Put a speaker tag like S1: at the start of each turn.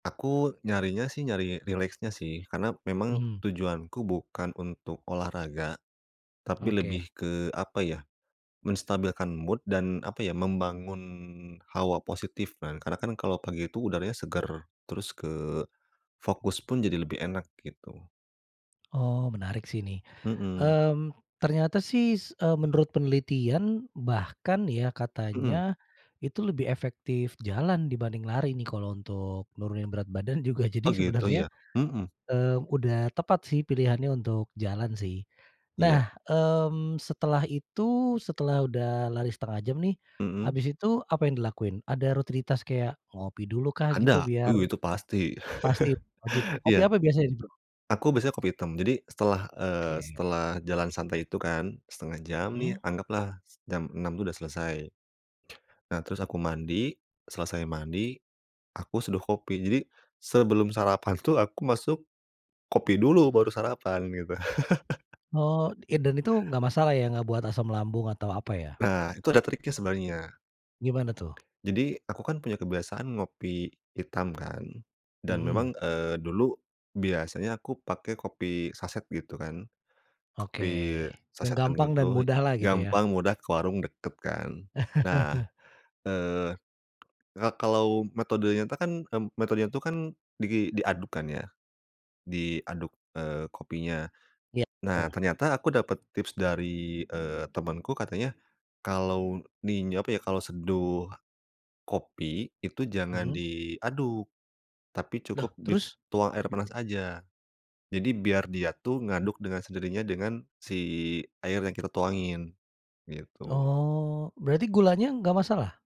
S1: Aku nyarinya sih, nyari rileksnya sih. Karena memang
S2: Mhm.
S1: tujuanku bukan untuk olahraga, tapi
S2: Oke.
S1: lebih ke, apa ya, menstabilkan mood dan, apa ya, membangun hawa positif. Nah, karena kan kalau pagi itu udaranya segar. Terus ke, fokus pun jadi lebih enak, gitu.
S2: Oh, menarik sih nih,
S1: Heeh.
S2: mmm, ternyata sih s eee, menurut penelitian, bahkan ya katanya
S1: Heeh.
S2: itu lebih efektif jalan dibanding lari nih, kalau untuk menurunin berat badan juga, jadi
S1: Oh, gitu,
S2: sebenarnya,
S1: ya? Mhm.
S2: eee, udah tepat sih pilihannya untuk jalan sih. Nah,
S1: Iya.
S2: mmm, setelah itu, setelah udah lari setengah jam nih,
S1: Heeh?
S2: habis itu apa yang dilakuin? Ada rutinitas kayak ngopi dulu kah gitu,
S1: Ada,
S2: biar
S1: uh, itu pasti.
S2: pasti, wajib. Ngopi
S1: Iya.
S2: apa biasanya ini, Bro?
S1: Aku biasanya kopi item. Jadi setelah, eee,
S2: Oke.
S1: setelah jalan santai itu kan, setengah jam nih,
S2: Hmm.
S1: anggaplah s jam 06:00 tuh udah selesai. Nah, terus aku mandi, selesai mandi aku seduh kopi. Jadi sebelum sarapan tuh aku masuk kopi dulu baru sarapan, gitu.
S2: Oh, iya, dan itu nggak masalah, ya? Nggak buat asam lambung atau apa ya?
S1: Nah, itu ada triknya sebenarnya.
S2: Gimana tuh?
S1: Jadi aku kan punya kebiasaan ngopi hitam kan. Dan
S2: Mhm.
S1: memang, eee, dulu biasanya aku pakai kopi saset, gitu kan.
S2: Oke.
S1: Kopi
S2: Yang
S1: sasetan,
S2: gampang dan
S1: gitu.
S2: mudahlah, gitu, ya.
S1: Gampang, mudah, ke warung deket kan. Nah, eee, ka kalau metodenya tuh kan, me metodenya itu kan di diaduk kan, ya. Diaduk, eee, kopinya,
S2: Iya,
S1: nah,
S2: betul.
S1: ternyata aku dapet tips dari, eee, temenku katanya kalau ni apa ya, kalau seduh kopi itu jangan
S2: Mhm.
S1: diaduk tapi
S2: Loh,
S1: cukup
S2: terus?
S1: dituang air panas aja. Jadi biar dia tuh ngaduk dengan sendirinya dengan si air yang kita tuangin, gitu.
S2: Oh. Berarti gulanya nggak masalah?